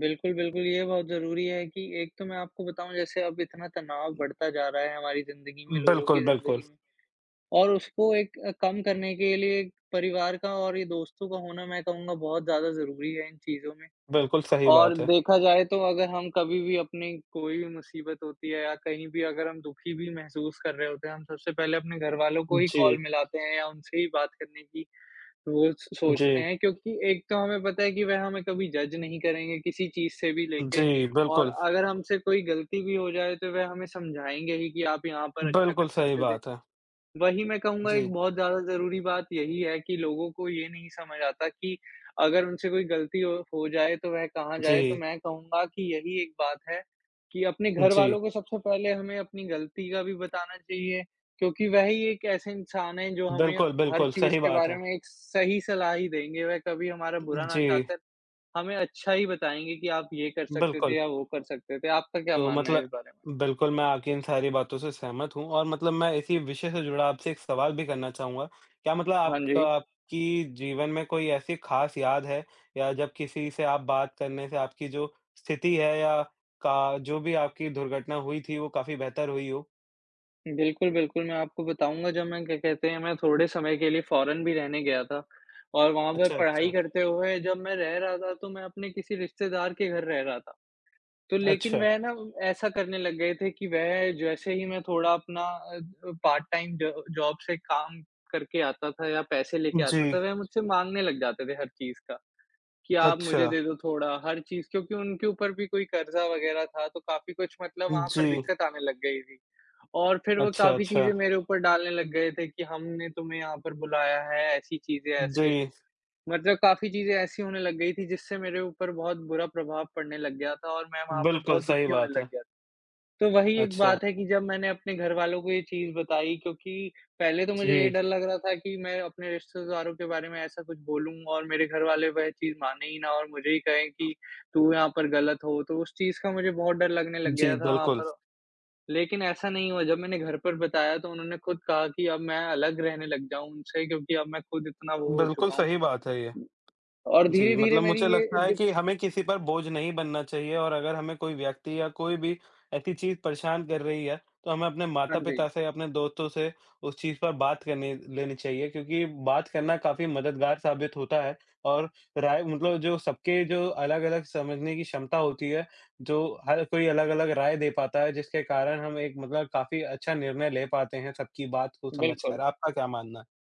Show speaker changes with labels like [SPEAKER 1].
[SPEAKER 1] बिल्कुल, बिल्कुल, ये बहुत ज़रूरी है कि एक तो मैं आपको बताऊँ, जैसे अब इतना तनाव बढ़ता जा रहा है हमारी ज़िंदगी में, लोगों
[SPEAKER 2] बिल्कुल,
[SPEAKER 1] की
[SPEAKER 2] बिल्कुल।
[SPEAKER 1] ज़िंदगी में और उसको एक अ, कम करने के लिए परिवार का और ये दोस्तों का होना मैं कहूँगा बहुत ज़्यादा ज़रूरी है इन चीज़ों में।
[SPEAKER 2] बिल्कुल, सही
[SPEAKER 1] और
[SPEAKER 2] बात है।
[SPEAKER 1] देखा जाए, तो अगर हम कभी भी अपनी कोई भी मुसीबत होती है या कहीं भी अगर हम दुखी भी महसूस कर रहे होते हैं, हम सबसे पहले अपने घरवालों को ही कॉल
[SPEAKER 2] जी।
[SPEAKER 1] मिलाते हैं या उनसे ही बात करने की वो स सोचते
[SPEAKER 2] जी।
[SPEAKER 1] हैं, क्योंकि एक तो हमें पता है कि वह हमें कभी जज नहीं करेंगे किसी चीज़ से भी लेके
[SPEAKER 2] जी,
[SPEAKER 1] और
[SPEAKER 2] बिल्कुल।
[SPEAKER 1] अगर हमसे कोई गलती भी हो जाए, तो वह हमें समझाएँगे ही कि, "आप यहाँ पर अच्छा कर
[SPEAKER 2] बिल्कुल, सही
[SPEAKER 1] सकते थे।"
[SPEAKER 2] बात है।
[SPEAKER 1] वही मैं कहूँगा, एक
[SPEAKER 2] जी।
[SPEAKER 1] बहुत ज़्यादा ज़रूरी बात यही है कि लोगों को ये नहीं समझ आता कि अगर उनसे कोई गलती हो हो जाए, तो वह कहाँ जाए। तो
[SPEAKER 2] जी।
[SPEAKER 1] मैं कहूँगा कि यही एक बात है कि अपने
[SPEAKER 2] जी।
[SPEAKER 1] घरवालों को सबसे पहले हमें अपनी गलती का भी बताना चाहिए, क्योंकि वह ही एक ऐसे इंसान हैं, जो हमें
[SPEAKER 2] बिल्कुल,
[SPEAKER 1] हर
[SPEAKER 2] बिल्कुल,
[SPEAKER 1] चीज़
[SPEAKER 2] सही
[SPEAKER 1] के
[SPEAKER 2] बात
[SPEAKER 1] बारे
[SPEAKER 2] है।
[SPEAKER 1] में एक सही सलाह ही देंगे। वह कभी हमारा
[SPEAKER 2] उ उ
[SPEAKER 1] बुरा ना
[SPEAKER 2] जी।
[SPEAKER 1] चाहकर, हमें अच्छा ही बताएँगे कि, "आप ये कर सकते
[SPEAKER 2] बिल्कुल।
[SPEAKER 1] थे या वो कर सकते थे।" आपका क्या
[SPEAKER 2] तो
[SPEAKER 1] मानना है
[SPEAKER 2] मतलब
[SPEAKER 1] इस बारे में?
[SPEAKER 2] बिल्कुल, मैं आपकी इन सारी बातों से सहमत हूँ, और मतलब मैं इसी विषय से जुड़ा आपसे एक सवाल भी करना चाहूँगा। क्या मतलब
[SPEAKER 1] हाँ
[SPEAKER 2] आपका
[SPEAKER 1] जी।
[SPEAKER 2] आपकी जीवन में कोई ऐसी खास याद है, या जब किसी से आप बात करने से आपकी जो स्थिति है, या का जो भी आपकी दुर्घटना हुई थी, वो काफ़ी बेहतर हुई हो?
[SPEAKER 1] बिल्कुल, बिल्कुल, मैं आपको बताऊँगा, जब मैं, क्या कहते हैं, मैं थोड़े समय के लिए फॉरेन भी रहने गया था, और वहाँ पर
[SPEAKER 2] अच्छा,
[SPEAKER 1] पढ़ाई
[SPEAKER 2] अच्छा।
[SPEAKER 1] करते हुए, जब मैं रह रहा था, तो मैं अपने किसी रिश्तेदार के घर रह रहा था। तो लेकिन
[SPEAKER 2] अच्छा।
[SPEAKER 1] वह ना, ऐसा करने लग गए थे कि वह जैसे ही मैं थोड़ा अपना अ अ, पार्ट-टाइम ज जॉब से काम करके आता था या पैसे लेके आता था,
[SPEAKER 2] जी।
[SPEAKER 1] वह मुझसे माँगने लग जाते थे हर चीज़ का, कि, "आप मुझे
[SPEAKER 2] अच्छा।
[SPEAKER 1] दे दो थोड़ा।" हर चीज़, क्योंकि उनके ऊपर भी कोई कर्ज़ा वगैरह था, तो काफ़ी कुछ मतलब वहाँ पर
[SPEAKER 2] जी।
[SPEAKER 1] दिक्कत आने लग गई थी। और फिर वो
[SPEAKER 2] अच्छा,
[SPEAKER 1] काफ़ी चीज़ें
[SPEAKER 2] अच्छा।
[SPEAKER 1] मेरे ऊपर डालने लग गए थे कि, "हमने तुम्हें यहाँ पर बुलाया है। ऐसी चीज़ें, ऐसे।"
[SPEAKER 2] जी।
[SPEAKER 1] मतलब काफ़ी चीज़ें ऐसी होने लग गई थीं, जिससे मेरे ऊपर बहुत बुरा प्रभाव पड़ने लग गया था और मैं वहाँ पर
[SPEAKER 2] बिल्कुल,
[SPEAKER 1] बहुत
[SPEAKER 2] सही
[SPEAKER 1] दुखी होने
[SPEAKER 2] बात
[SPEAKER 1] लग
[SPEAKER 2] है।
[SPEAKER 1] गया था। तो वही एक
[SPEAKER 2] अच्छा।
[SPEAKER 1] बात है कि जब मैंने अपने घरवालों को ये चीज़ बताई, क्योंकि पहले तो मुझे ये
[SPEAKER 2] जी।
[SPEAKER 1] डर लग रहा था कि मैं अपने रिश्तेदारों के बारे में ऐसा कुछ बोलूँगा और मेरे घरवाले वह चीज़ मानें ही ना और मुझे ही कहें कि, "तू यहाँ पर गलत हो।" तो उस चीज़ का मुझे बहुत डर लगने लग
[SPEAKER 2] जी,
[SPEAKER 1] गया था वहाँ
[SPEAKER 2] बिल्कुल।
[SPEAKER 1] पर। लेकिन ऐसा नहीं हुआ, जब मैंने घर पर बताया, तो उन्होंने खुद कहा कि अब मैं अलग रहने लग जाऊँ उनसे, क्योंकि अब मैं खुद इतना वो हो
[SPEAKER 2] बिल्कुल
[SPEAKER 1] चुका हूँ।
[SPEAKER 2] सही बात है ये।
[SPEAKER 1] और
[SPEAKER 2] जी,
[SPEAKER 1] धीरे-धीरे
[SPEAKER 2] मतलब
[SPEAKER 1] मेरी
[SPEAKER 2] मुझे
[SPEAKER 1] ये
[SPEAKER 2] लगता है
[SPEAKER 1] दुःख
[SPEAKER 2] कि हमें किसी पर बोझ नहीं बनना चाहिए और अगर हमें कोई व्यक्ति या कोई भी ऐसी चीज़ परेशान कर रही है, तो हमें अपने
[SPEAKER 1] हाँ जी।
[SPEAKER 2] माता-पिता से, अपने दोस्तों से उस चीज़ पर बात करनी लेनी चाहिए, क्योंकि बात करना काफ़ी मददगार साबित होता है और राय मतलब जो सबके जो अलग-अलग समझने की क्षमता होती है, जो हर कोई अलग-अलग राय दे पाता है, जिसके कारण हम एक मतलब काफ़ी अच्छा निर्णय ले पाते हैं, सबकी बात को समझ कर।
[SPEAKER 1] बिल्कुल।
[SPEAKER 2] आपका क्या मानना है?